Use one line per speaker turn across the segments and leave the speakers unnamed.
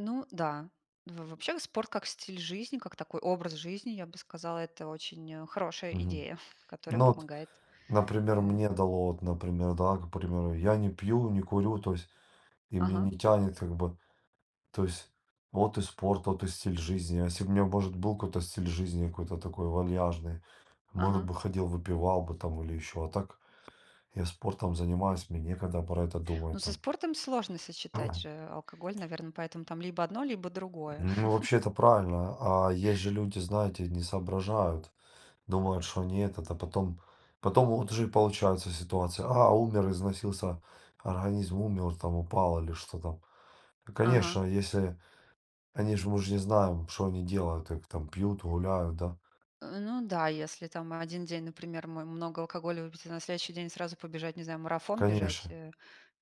Ну да, в вообще спорт, как стиль жизни, как такой образ жизни, я бы сказала, это очень, э, хорошая
Мгм.
идея, которая
Ну вот,
помогает.
например,
Э
мне дало, вот, например, да, например, я не пью, не курю, то есть и меня
Ага.
не тянет как бы. То есть вот и спорт, вот и стиль жизни. Если б у меня, может, был какой-то стиль жизни, какой-то такой вальяжный, может
Ага.
бы ходил, выпивал бы там или ещё. А так я спортом занимаюсь, мне некогда про это
Ну,
думать
со
там.
спортом сложно сочетать же алкоголь, наверно, поэтому там либо одно, либо другое.
Ну, вообще это правильно. А есть же люди, знаете, не соображают. Думают, что они этот, а потом потом вот уже и получается ситуация, а, умер, износился, организм умер там, упал или что там. Ну,
Ага.
конечно, если они же, мы же не знаем, что они делают, как там пьют, гуляют, да?
Э, ну да, если там 1 день, например, мой много алкоголя выпить, а на следующий день сразу побежать, не знаю, марафон бежать,
Конечно.
э,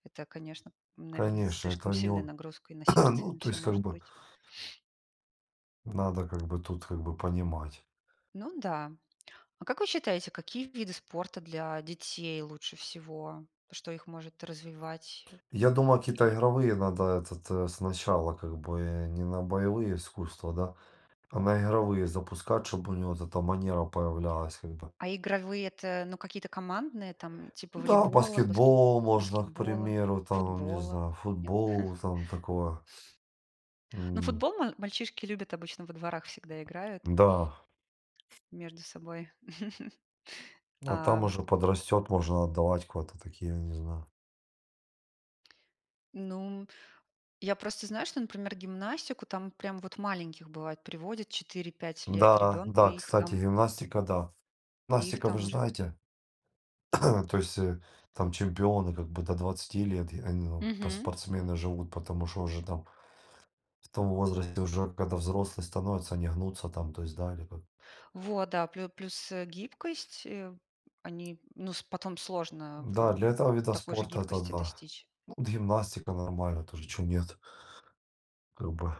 это, конечно, наверно,
Конечно, это
слишком
не
сильная
о
нагрузка и на сердце, и
Ну,
на
то
всё
есть как
может
бы
быть.
Надо как бы тут как бы понимать.
Ну да. А как вы считаете, какие виды спорта для детей лучше всего? Что их может развивать, э?
Я думаю, какие-то
И
игровые надо этот, э, сначала как бы. Не на боевые искусства, да, а на игровые запускать, чтобы у него вот эта манера появлялась как бы.
А игровые- это, ну, какие-то командные там типа
Да,
волейбола, баскет
баскетбол можно, к
баскетбола,
примеру, там, не
футбола,
знаю,
нет?
футбол, там такое.
Ну,
М.
футбол мал мальчишки любят, обычно во дворах всегда играют
Да.
между собой.
Ну, а
А
там уже подрастёт, можно отдавать куда-то такие, я не знаю.
Ну, я просто знаю, что, например, гимнастику там прям вот маленьких, бывает, приводят 4-5 лет
Да-да,
ребенку.
да,
И их
кстати,
там
гимнастика, да.
и их
Гимнастика, вы
там
же
уже
знаете? То есть, э, там чемпионы как бы до 20 лет и, а, и, ну, в по
Мгм.
спортсмены живут. Потому что уже там в том возрасте, уже когда взрослые становятся, они гнутся там. То есть, да, либо
Вот, да, плю плюс, э, гибкость. Э, они, ну, с потом сложно в, э,
Да, для
в
этого вида
такой же
спорта, это
гибкости
да.
достичь.
Ну, вот гимнастика нормально тоже, чего нет. Грубо